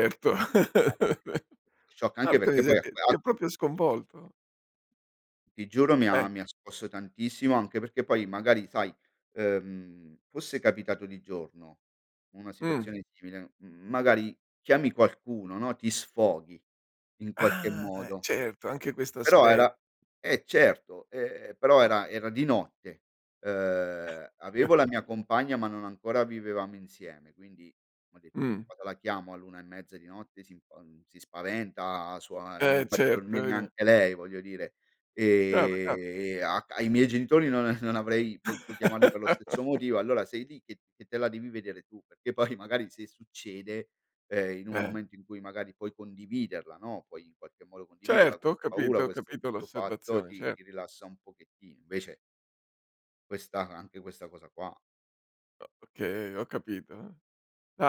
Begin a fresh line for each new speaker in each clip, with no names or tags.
Per che non [unintelligible] shock anche
Orca
perché poi
mise
a
ti
quel
ti ha
a
proprio sconvolto.
Ti giuro mi ha
Eh.
mi ha scosso tantissimo anche perché poi magari sai, ehm, fosse capitato di giorno una
Mh.
situazione simile, mhmm, magari chiami qualcuno no, ti sfoghi in qualche
Ah
modo.
certo anche questo
Però
aspe
era eh certo, ehm, però
Ah.
era era di notte, uhm, avevo la mia compagna ma non ancora vivevamo insieme quindi ho detto:
Mh.
"Vuoi che la chiamo all'1 e mezza di notte? Si spa si spaventa su non
Eh
faccio
certo
dormire
vedi.
neanche lei, voglio dire."
Chiaro chiaro.
Ehm, a c ai miei genitori non non avrei potuto chiamarli per lo stesso motivo allora sei lì che che te la devi vedere tu, perché poi magari se succede, ehm, in un
Eh.
momento in cui magari puoi condividerla, no, puoi in qualche modo condividerla,
Certo ho
questa paura,
capito ho
questo
capito
questo fatto,
l'osservazione,
ti
cer
ti rilassa un pochettino. Invece questa anche questa cosa qua.
O okay, ho capito,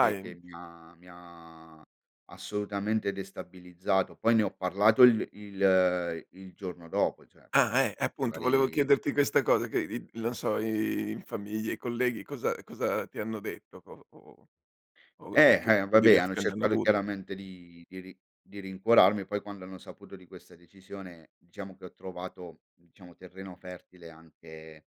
Che che mi ha mi ha assolutamente destabilizzato, poi ne ho parlato il il il giorno dopo, cioè appena
Ah, eh,
sveglio
appunto volevo
magari
chiederti questa cosa che i non so i uhm, in famiglia, i colleghi cosa cosa ti hanno detto o o o
Eh,
che
eh,
tipo di
vabbè hanno
reazione hanno
cercato
avuto?
chiaramente di di rin di rincuorarmi poi quando hanno saputo di questa decisione diciamo che ho trovato, diciamo, terreno fertile anche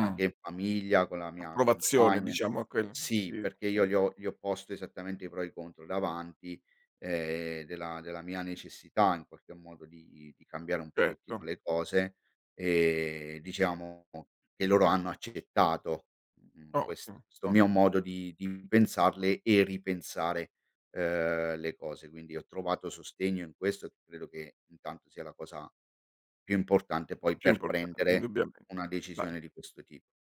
anche in famiglia con la mia
Approvazione
compagna,
diciamo
inso
a quel
sì
sì,
perché
sì.
io gli ho gli ho posto esattamente i pro e i contro davanti, ehm, della della mia necessità in qualche modo di di cambiare un pochettino
Certo.
le cose e diciamo che loro hanno accettato, mhmm, questo
Ottimo,
mio
ottimo.
modo di di pensarle e ripensare, uhm, le cose. Quindi ho trovato sostegno in questo, credo che intanto sia la cosa più importante poi
Più
per
importante
prendere
indubbiame
una
Vai.
decisione di questo tipo.